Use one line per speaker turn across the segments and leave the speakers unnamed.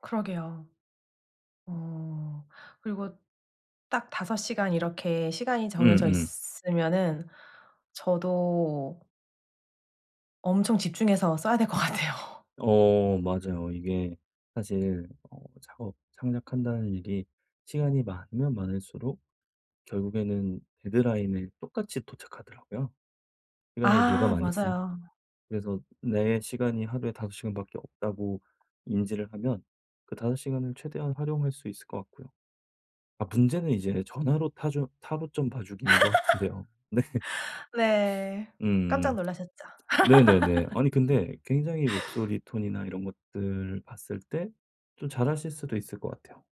그러게요. 어. 그리고 딱 5 시간 이렇게 시간이 정해져
음음.
있으면은 저도 엄청 집중해서 써야 될 것 같아요.
어 맞아요. 이게 사실 어 창업 창작한다는 일이 시간이 많으면 많을수록 결국에는 데드라인에 똑같이 도착하더라고요. 기간을 누가
아
많이 쓰는
맞아요.
그래서 내 시간이 하루에 5 시간밖에 없다고 인지를 하면 그 5 시간을 최대한 활용할 수 있을 것 같고요. 아 문제는 이제 전화로 타조 타로점 봐주기인 것 같은데요. 네.
네. 깜짝
음.
놀라셨죠.
네네네. 아니 근데 굉장히 목소리 톤이나 이런 것들을 봤을 때 좀 잘하실 수도 있을 것 같아요.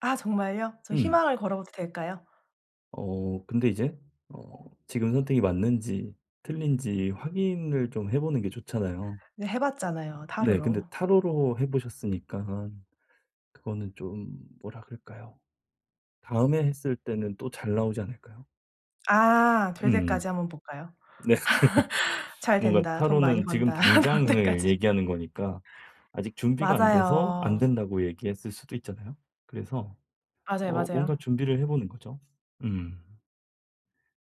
아 정말요? 저
음.
희망을 걸어봐도 될까요?
어 근데 이제 어 지금 선택이 맞는지 틀린지 확인을 좀 해 보는 게 좋잖아요.
네. 해 봤잖아요
네. 근데
타로로.
타로로 해 보셨으니깐 그거는 좀 뭐라 그럴까요 다음에 했을 때는 또 잘 나오지 않을까요?
아. 될
음.
때까지 한번 볼까요?
네.
"잘
뭔가
된다. 돈 많이
타로는 지금
번다." 나올
당장을
때까지.
얘기하는 거니까 아직 준비가 안 돼서 안
맞아요.
된다고 얘기했을 수도 있잖아요. 그래서
맞아요,
어 뭔가
맞아요.
준비를 해 보는 거죠. 음.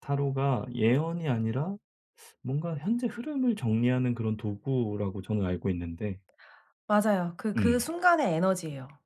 타로가 예언이 아니라 뭔가 현재 흐름을 정리하는 그런 도구라고 저는 알고 있는데
맞아요. 그 그
음.
순간의 에너지예요.